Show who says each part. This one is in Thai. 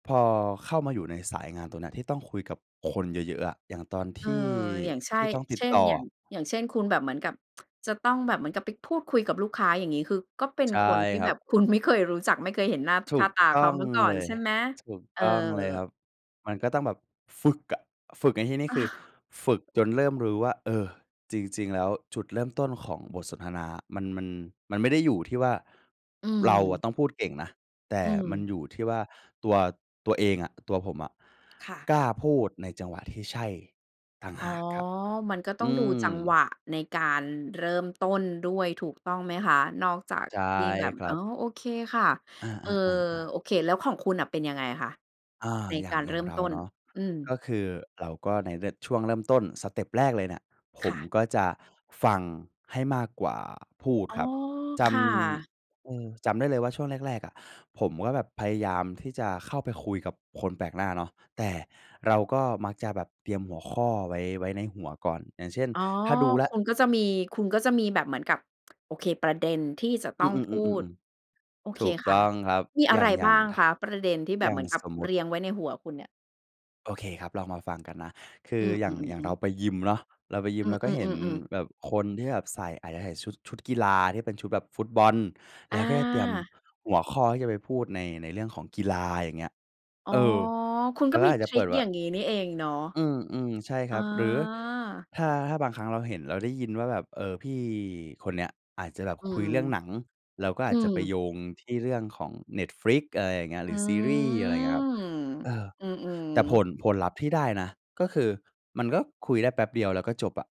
Speaker 1: พอเข้ามาอยู่ในสายงานตรงเนี้ย ที่ต้องคุยกับคนเยอะ ๆ อะ อย่างตอน
Speaker 2: เ
Speaker 1: ท
Speaker 2: ออ
Speaker 1: ี่
Speaker 2: อย่างใช
Speaker 1: ท
Speaker 2: ่
Speaker 1: ี่ต้องติ
Speaker 2: เช
Speaker 1: ด
Speaker 2: ่
Speaker 1: ต
Speaker 2: น
Speaker 1: ่
Speaker 2: อย่า
Speaker 1: อ
Speaker 2: ง อย่างเช่น คุณแบบเหมือนกับจะต้องแบบเหมือนกับไปพูดคุยกับลูกค้าอย่างงี้ คือก็เป็น
Speaker 1: ใช่
Speaker 2: คนที่
Speaker 1: คร
Speaker 2: แ
Speaker 1: ั
Speaker 2: บ
Speaker 1: บ
Speaker 2: บคุณไม่เคยรู้จัก ไม่เคยเห็นหน้า
Speaker 1: ถ
Speaker 2: ค
Speaker 1: ู
Speaker 2: ่า
Speaker 1: ก
Speaker 2: ตา
Speaker 1: ต
Speaker 2: เข
Speaker 1: ้
Speaker 2: า
Speaker 1: อง
Speaker 2: มาก่อ
Speaker 1: เล
Speaker 2: น
Speaker 1: ย
Speaker 2: ใช่ไหม?
Speaker 1: ถูก
Speaker 2: เออ
Speaker 1: ต้องเลยครับ มันก็ต้องแบบฝึกอะ ฝึกในที่นี้ คือฝึกจนเริ่มรู้ว่า เออ จริง ๆ แล้วจุดเริ่มต้นของบทสนทนามัน มัน มันไม่ได้อยู่ที่ว่า
Speaker 2: อื
Speaker 1: เราอะ
Speaker 2: ม
Speaker 1: ต้องพูดเก่งนะ แต่
Speaker 2: อื
Speaker 1: มัน
Speaker 2: ม
Speaker 1: อยู่ที่ว่า ตัว ตัวเองอะ ตัวผมอะ
Speaker 2: ค่ะ
Speaker 1: กล้าพูดในจังหวะที่ใช่ต่าง
Speaker 2: อ
Speaker 1: ห
Speaker 2: ๋อ
Speaker 1: ากครับ
Speaker 2: มันก็ต้อ
Speaker 1: อ
Speaker 2: ง
Speaker 1: ื
Speaker 2: ดูจังหว
Speaker 1: ม
Speaker 2: ะในการเริ่มต้นด้วยถูกต้องไหมคะ? นอกจาก
Speaker 1: ใช่
Speaker 2: ที่แบบ
Speaker 1: คร
Speaker 2: อ
Speaker 1: ั
Speaker 2: ๋อ
Speaker 1: บ
Speaker 2: โอเคค่ะ
Speaker 1: อ
Speaker 2: เอ่อ
Speaker 1: า ๆ
Speaker 2: โ
Speaker 1: ๆ ๆ
Speaker 2: อเค แล้วของคุณน่ะเป็นยังไงคะ?
Speaker 1: อา
Speaker 2: ใน
Speaker 1: อย่
Speaker 2: ก
Speaker 1: าง
Speaker 2: าร
Speaker 1: อ
Speaker 2: เ
Speaker 1: ย
Speaker 2: ร
Speaker 1: ่
Speaker 2: ิ
Speaker 1: า
Speaker 2: ่
Speaker 1: ง
Speaker 2: ม
Speaker 1: เรา
Speaker 2: ต้น?
Speaker 1: เนาะ
Speaker 2: อื
Speaker 1: ก
Speaker 2: ม
Speaker 1: ็คือเราก็ในเริด ช่วงเริ่มต้นสเต็ปแรกเลยเนี่ย ผ
Speaker 2: ค
Speaker 1: ม
Speaker 2: ่ะ
Speaker 1: ก็จะฟังให้มากกว่าพูด
Speaker 2: อ๋อ
Speaker 1: ครับ จ
Speaker 2: ค่ะ
Speaker 1: ำ เออ จำได้เลยว่า ช่วงแรก ๆ อะผมก็แบบพยายามที่จะเข้าไปคุยกับคนแปลกหน้าเนาะ แต่เราก็มักจะแบบเตรียมหัวข้อไว้ ไว้ในหัวก่อน อย่างเช่น
Speaker 2: อ๋อ
Speaker 1: ถ้าดูแล้
Speaker 2: ค
Speaker 1: ว
Speaker 2: ุณก็จะมี คุณก็จะมีแบบเหมือนกับ โอเค ประเด็นที่จะ
Speaker 1: อ
Speaker 2: ต
Speaker 1: ื
Speaker 2: ้อ
Speaker 1: อ
Speaker 2: งพูด
Speaker 1: ๆ ๆ ๆ
Speaker 2: โอ
Speaker 1: ๆ
Speaker 2: เ
Speaker 1: ถ
Speaker 2: ค
Speaker 1: ูก
Speaker 2: ค
Speaker 1: ต้
Speaker 2: ่ะ
Speaker 1: องครับ
Speaker 2: มีอ
Speaker 1: อย
Speaker 2: ะ
Speaker 1: ่
Speaker 2: ไ
Speaker 1: า
Speaker 2: ร
Speaker 1: ง อย่
Speaker 2: บ
Speaker 1: า
Speaker 2: ้า
Speaker 1: ง
Speaker 2: ง
Speaker 1: ถ
Speaker 2: คะ? ประเด็นที่แบ
Speaker 1: อย่
Speaker 2: บ
Speaker 1: า
Speaker 2: เห
Speaker 1: ง
Speaker 2: มือนกับ
Speaker 1: สมม
Speaker 2: เ
Speaker 1: ต
Speaker 2: ร
Speaker 1: ิ
Speaker 2: ียงไว้ในหัวคุณเนี่ย?
Speaker 1: โอเคครับ ลองมาฟังกันนะ คื
Speaker 2: อ
Speaker 1: อ
Speaker 2: ื
Speaker 1: อย่าง อย่าง
Speaker 2: อ
Speaker 1: เร
Speaker 2: ๆ ๆ
Speaker 1: า
Speaker 2: ๆ
Speaker 1: ไปยิมเนาะ เราไปยิ
Speaker 2: อื
Speaker 1: มเราก็เห็น
Speaker 2: อ ๆ ๆ ๆ
Speaker 1: แบบคนที่แบบใส่ อาจจะใส่ชุด ชุดกีฬาที่เป็นชุดแบบฟุตบอล แล้วก็จะเตรียม
Speaker 2: อา
Speaker 1: หัวข้อที่จะไปพูดใน ในเรื่องของกีฬาอย่างเงี้ย
Speaker 2: อ๋อ
Speaker 1: เออ
Speaker 2: คุณ
Speaker 1: เรา
Speaker 2: ก็
Speaker 1: ก็
Speaker 2: มี
Speaker 1: อาจ
Speaker 2: ท
Speaker 1: จะ
Speaker 2: ร
Speaker 1: เ
Speaker 2: ิ
Speaker 1: ปิ
Speaker 2: ก
Speaker 1: ดแบบ
Speaker 2: อ
Speaker 1: ว
Speaker 2: ย
Speaker 1: ่
Speaker 2: ่
Speaker 1: า
Speaker 2: างงี้นี่เองเนาะ
Speaker 1: อืม ๆ ใช่
Speaker 2: อ
Speaker 1: ค
Speaker 2: ๋
Speaker 1: ร
Speaker 2: อ
Speaker 1: ับ หรือถ้า ถ้าบางครั้งเราเห็นเราได้ยินว่าแบบ เอ่อ พี่คนเนี้ยอาจจะแบบ
Speaker 2: อื
Speaker 1: คุย
Speaker 2: ม
Speaker 1: เรื่องหนัง เราก็
Speaker 2: อ
Speaker 1: อ
Speaker 2: ื
Speaker 1: าจจะ
Speaker 2: ม
Speaker 1: ไปโยงที่เรื่องของ Netflix อะไรอย่างเงี้ย ห
Speaker 2: อื
Speaker 1: รือซีรีย์อะไรอย่างเงี้ยครับ เอ
Speaker 2: ม
Speaker 1: อ
Speaker 2: อืม
Speaker 1: แต่ผ
Speaker 2: ๆ
Speaker 1: ล ผลลัพธ์ที่ได้นะ ก็คือมันก็คุยได้แป๊บเดียว แล้วก็จบอะ